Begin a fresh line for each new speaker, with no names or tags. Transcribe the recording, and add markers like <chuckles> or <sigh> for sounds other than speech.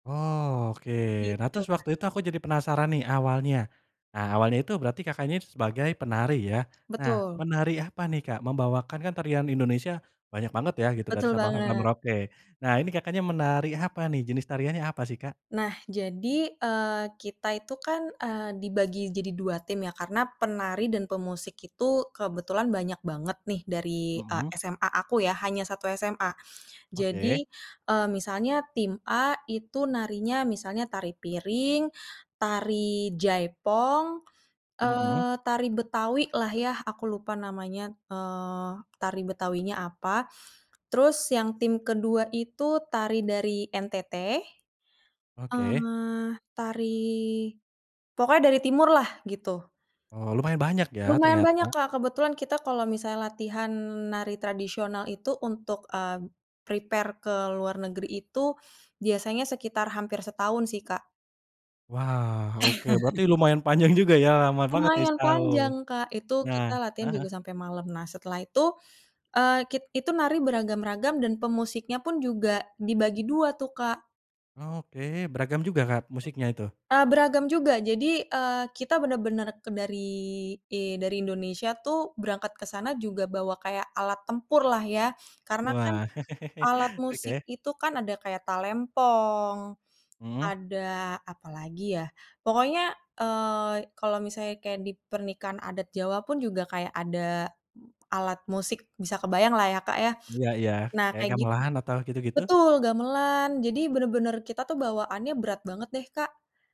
Oh, oke, nah
Gitu.
terus waktu itu aku jadi penasaran nih awalnya, eee, awalnya itu berarti Kakaknya sebagai penari ya? Nah,
Betul.
menari apa nih, Kak? Membawakan kan tarian Indonesia banyak banget ya gitu dari
Betul
Sabang sampai
banget.
Merauke. Nah ini Kakaknya menari apa nih, jenis tariannya apa sih, Kak?
Nah, jadi, eee, kita itu kan, eee, dibagi jadi 2 tim ya karena penari dan pemusik itu kebetulan banyak banget nih dari, eee,
Mmm.
SMA aku ya, hanya 1 SMA.
Oke.
Jadi, eee, misalnya tim A itu narinya misalnya tari piring, tari jaipong,
Mmm.
eee, tari Betawi-lah yah aku lupa namanya, eee, tari Betawi-nya apa, terus yang tim ke-2 itu tari dari NTT.
Oke.
Eee, tari pokoknya dari timurlah gitu.
Oh, lumayan banyak ya
Lumayan banyak,
ternyata.
Kak, kebetulan kita kalau misalnya latihan nari tradisional itu untuk ab prepare ke luar negeri itu, biasanya sekitar hampir setahun sih, Kak.
Wah, oke, berarti
<chuckles>
lumayan panjang juga ya, lama banget nih
Lumayan
setahun.
panjang, Kak, itu
Nah
kita latihan
heeh.
juga sampai malam. Nah setelah itu, eee, kit itu nari beragam-ragam dan pemusiknya pun juga dibagi dua tuh, Kak.
Oh, oke, beragam juga, Kak, musiknya itu?
Eee, beragam juga, jadi, eee, kita bener-bener ke dari i dari Indonesia tuh berangkat ke sana juga bawa kayak alat tempurlah ya. Karena kan
Wah.
alat
<chuckles>
musik
Oke.
itu kan ada kayak talempong,
Mmm.
ada apalagi ya, pokoknya, eee, kalau misalnya kayak di pernikahan adat Jawa pun juga kayak ada alat musik, bisa kebayanglah ya, Kak, ya.
Iya iya,
Nah
kayak
kaya gitu.
gamelan atau gitu-gitu?
Betul gamelan, jadi bener-bener kita tuh bawaannya berat banget deh, Kak